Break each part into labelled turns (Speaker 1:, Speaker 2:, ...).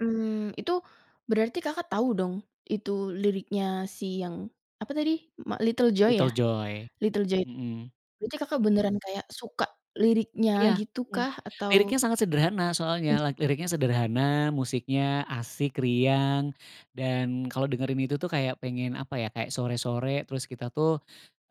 Speaker 1: Mmm. Itu, berarti Kakak tahu dong, itu liriknya si yang, apa tadi, ma Little Joy ya?
Speaker 2: Little Joy.
Speaker 1: Little Joy.
Speaker 2: Mhm.
Speaker 1: Berarti Kakak beneran kayak suka liriknya,
Speaker 2: Iya,
Speaker 1: gitu
Speaker 2: mhm.
Speaker 1: kah? Atau
Speaker 2: Liriknya sangat sederhana, soalnya. Lak liriknya sederhana, musiknya asik, riang, dan kalau dengerin itu tuh, kayak pengen apa ya? Kayak sore-sore, terus kita tuh,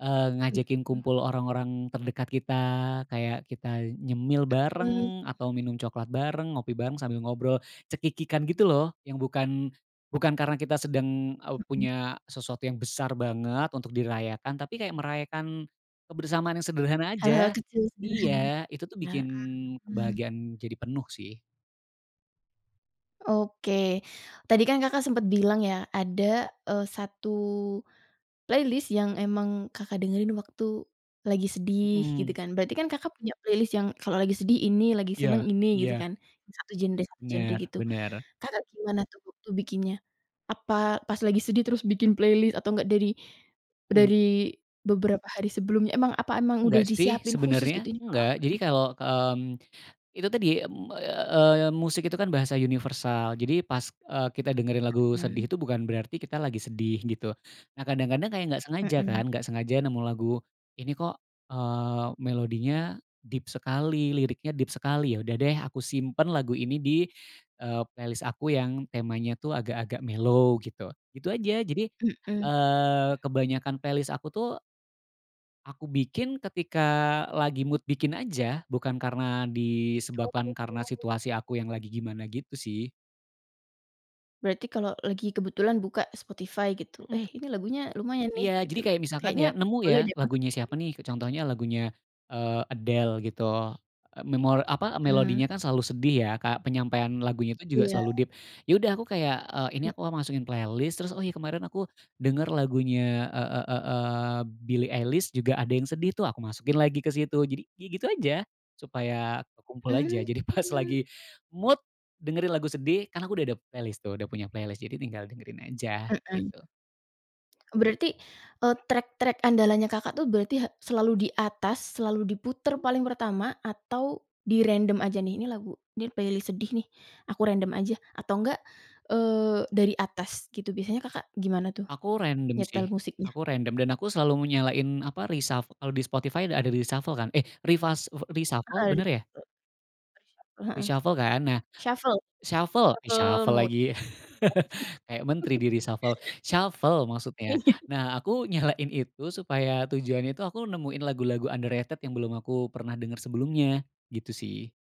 Speaker 2: eee,
Speaker 1: Mhm.
Speaker 2: ngajakin kumpul orang-orang terdekat kita. Kayak kita nyemil
Speaker 1: Mhm.
Speaker 2: bareng, atau minum coklat bareng, ngopi bareng sambil ngobrol cekikikan, gitu loh, yang bukan bukan karena kita sedang au
Speaker 1: Mhm.
Speaker 2: punya sesuatu yang besar banget, untuk dirayakan. Tapi kayak merayakan kebersamaan yang sederhana
Speaker 1: Hal-hal
Speaker 2: aja.
Speaker 1: kecil sederhana.
Speaker 2: Iya, itu tuh bikin
Speaker 1: Nah, Mmm.
Speaker 2: kebahagiaan jadi penuh, sih.
Speaker 1: Oke. Tadi kan, Kakak sempet bilang ya? Ada, eee, satu playlist yang emang Kakak dengerin waktu lagi sedih, gitu
Speaker 2: Mhm.
Speaker 1: kan? Berarti kan Kakak punya playlist yang kalau lagi sedih ini, lagi seneng
Speaker 2: Iya
Speaker 1: ini, gitu
Speaker 2: iya.
Speaker 1: kan? Satu genre satu genre
Speaker 2: Bener
Speaker 1: gitu.
Speaker 2: bener.
Speaker 1: Kakak gimana tuh waktu bikinnya? Apa pas lagi sedih, terus bikin playlist? Atau enggak dari
Speaker 2: Mmm.
Speaker 1: dari beberapa hari sebelumnya? Emang apa emang udah
Speaker 2: Enggak sih,
Speaker 1: disiapin khusus, gitu?
Speaker 2: sebenernya,
Speaker 1: "Ini kalo
Speaker 2: enggak.
Speaker 1: aku
Speaker 2: Jadi
Speaker 1: lagi sedih."
Speaker 2: kalau, mmm, itu tadi, mmm, eee, musik itu kan bahasa universal. Jadi pas, eee, kita dengerin lagu sedih
Speaker 1: Mhm.
Speaker 2: itu bukan berarti kita lagi sedih, gitu. Nah, kadang-kadang kayak nggak sengaja,
Speaker 1: Mhm.
Speaker 2: kan? Nggak sengaja nemu lagu, "Ini kok, eee, melodinya deep sekali, liriknya deep sekali." Ya udah deh, aku simpen lagu ini di, eee, playlist aku yang temanya tuh, agak-agak mellow, gitu. Itu aja, jadi,
Speaker 1: Mhm. Mmm.
Speaker 2: eee, kebanyakan playlist aku tuh aku bikin ketika lagi mood bikin aja. Bukan karena
Speaker 1: Oh, gitu.
Speaker 2: disebabkan karena situasi aku yang lagi gimana gitu sih.
Speaker 1: Berarti kalau lagi kebetulan buka Spotify, gitu, "Eh,
Speaker 2: Mhm.
Speaker 1: ini lagunya lumayan nih,"
Speaker 2: Iya.
Speaker 1: gitu
Speaker 2: Jadi
Speaker 1: loh.
Speaker 2: kayak misalkan,
Speaker 1: "Kayaknya,
Speaker 2: ya, nemu ya.
Speaker 1: boleh deh masuk
Speaker 2: Lagunya siapa nih, ke
Speaker 1: playlist."
Speaker 2: contohnya lagunya, eee, Adele, gitu. Eee, memor apa,
Speaker 1: Mmm.
Speaker 2: melodinya kan selalu sedih ya? Kayak penyampaian lagunya tuh juga
Speaker 1: Iya.
Speaker 2: selalu deep. Ya udah aku kayak, eee, ini
Speaker 1: Mmm.
Speaker 2: aku masukin playlist, terus, oh, ya, kemarin aku denger lagunya e e e eee, Billy Eilish juga ada yang sedih tuh, aku masukin lagi ke situ. Jadi, ya gitu aja. Supaya kekumpul aja. Jadi pas
Speaker 1: Mmm.
Speaker 2: lagi mood dengerin lagu sedih, kan aku udah ada playlist tuh, udah punya playlist. Jadi tinggal dengerin aja,
Speaker 1: Mhm.
Speaker 2: gitu.
Speaker 1: Eee, berarti, eee, track-track andalannya Kakak tuh, berarti ha selalu di atas, selalu diputer paling pertama, atau dirandom aja nih? "Ini lagu ini playlist sedih nih, aku random aja." Atau enggak, eee, dari atas, gitu? Biasanya Kakak gimana tuh
Speaker 2: Aku random,
Speaker 1: nyetel
Speaker 2: sih,
Speaker 1: musiknya?
Speaker 2: aku random, dan aku selalu nyalain apa, reshuf kalau di Spotify ada reshuffle kan? Eh, refas eh reshuffle,
Speaker 1: Heeh,
Speaker 2: bener
Speaker 1: di
Speaker 2: ya?
Speaker 1: situ. Reshuffle, Heeh.
Speaker 2: Reshuffle kan? Nah,
Speaker 1: Shuffle
Speaker 2: shuffle
Speaker 1: shuffle
Speaker 2: reshuffle
Speaker 1: mode.
Speaker 2: lagi.
Speaker 1: Aduh.
Speaker 2: Kayak menteri di-reshuffle. Shuffle, maksudnya.
Speaker 1: Iya.
Speaker 2: Nah aku nyalain itu, supaya tujuannya itu aku nemuin lagu-lagu underrated yang belum aku pernah denger sebelumnya, gitu sih.